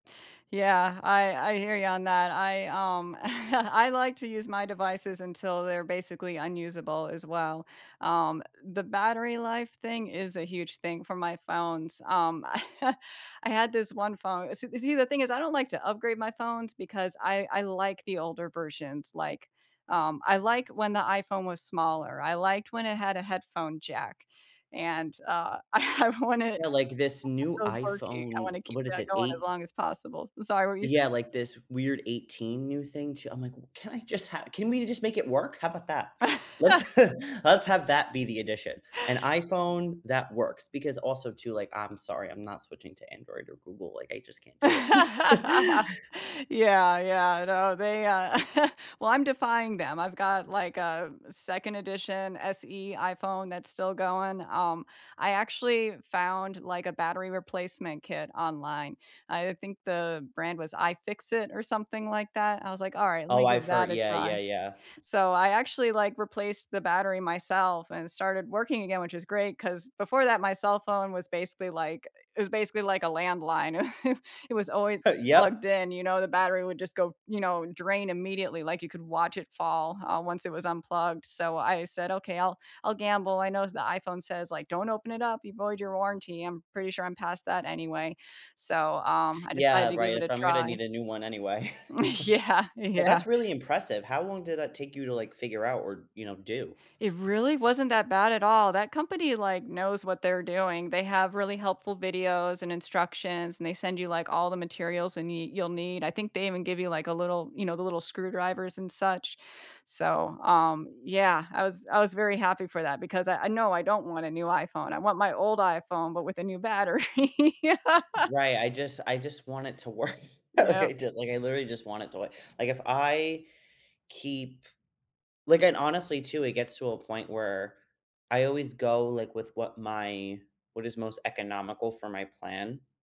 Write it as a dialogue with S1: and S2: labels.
S1: Yeah, I I hear you on that. I, um, I like to use my devices until they're basically unusable, as well. Um, the battery life thing is a huge thing for my phones. Um, I had this one phone s see, the thing is I don't like to upgrade my phones because I I like the older versions, like, um, I like when the iPhone was smaller, I liked when it had a headphone jack, and, uh, I wanted
S2: Yeah, like this
S1: [unintelligible]
S2: new
S1: those working, I want
S2: iPhone
S1: to keep
S2: what is
S1: that
S2: it?
S1: going as
S2: Eight
S1: long as possible S sorry, what were you say
S2: yeah, like, this weird 18, new thing, too I'm, like, "Can I just ha can we just make it work? How about that?" Let's let's have that be the addition, an iPhone that works because, also, too, like, I'm sorry, I'm not switching to Android or Google, like, I just can't do it.
S1: Yeah, yeah, I know, they, uh well, I'm defying them. I've got, like, a 2nd edition SE iPhone that's still going. Um, I actually found, like, a battery replacement kit online. I, uh, think the brand was iFixit, or something like that? I was, like, "Alright, let me
S2: Oh,
S1: give
S2: I've hear
S1: that a
S2: yeah,
S1: try."
S2: yeah, yeah.
S1: So, I actually, like, replaced the battery myself, and it started working again, which is great, 'cause before that my cell phone was, basically, like it was basically, like, a landline, it was always
S2: Heh,
S1: plugged
S2: yep.
S1: in, you know, the battery would just go you know, drain immediately, like you could watch it fall, uh, once it was unplugged, so, I said, "Okay, I'll I'll gamble." I know s the iPhone says, like, "Don't open it up, you void your warranty," I'm pretty sure I'm past that anyway, so, um, I decided
S2: Yeah,
S1: to give
S2: right,
S1: it a
S2: if I'm gonna
S1: try.
S2: need a new one anyway.
S1: Yeah,
S2: But,
S1: yeah.
S2: that's really impressive, how long did that take you to, like, figure out or, you know, do?
S1: It really wasn't that bad at all. That company, like, knows what they're doing; they have really helpful videos, and instructions, and they send you, like, all the materials and y you'll need, I think they even give you the little you know, the little screwdrivers, and such? So, um, yeah, I was I was very happy for that because I I no, I don't want a new iPhone, I want my old iPhone, but with a new battery.
S2: Right, I just I just want it to work, like, I
S1: Yep.
S2: just like, I literally just want it to wo like, if I keep like, and, honestly, too, it gets to a point where I always go, like, with what my what is most economical for my plan.